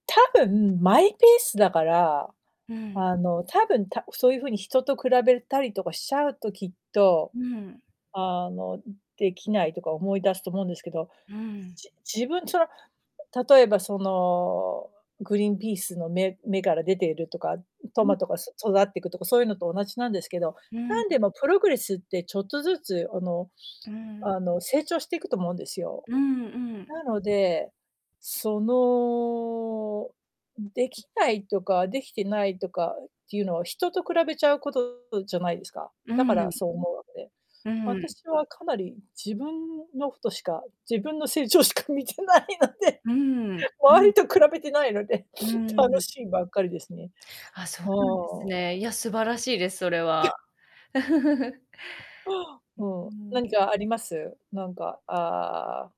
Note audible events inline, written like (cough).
多分マイペースだから、うーん。あの、多分たそういう風に人と比べたりとかしちゃうと、きっと、うーん。あの、ん、できないとか思い出すと思うんですけど、うーん。じ自分、その、例えば、その、グリーンピースの芽芽から出ているとか、ん、トうん。マトがそ育ってくとかそういうのと同じなんですけど、うんなん。んでもプログレスってちょっとずつあのうーん。あの成長していくと思うんですよ。うんうん。なので、その、ん、できないとかできてないとかっていうのは人と比べちゃうこととじゃないですか。うーだからん。そう思うわけで。うーん。私はかなり自分のことしか、自分の成長しか見てないので。うーん、う周りん。と比べてないので、うー (sniffs) ん、楽ん。しいばっかりですね。あ、そ (sniffs) うなんほですん。ね。いや、素晴らしいです、それ (chuckles) は。(chuckles) ああ。うおうーお、ん。何かあります？なんか、ああ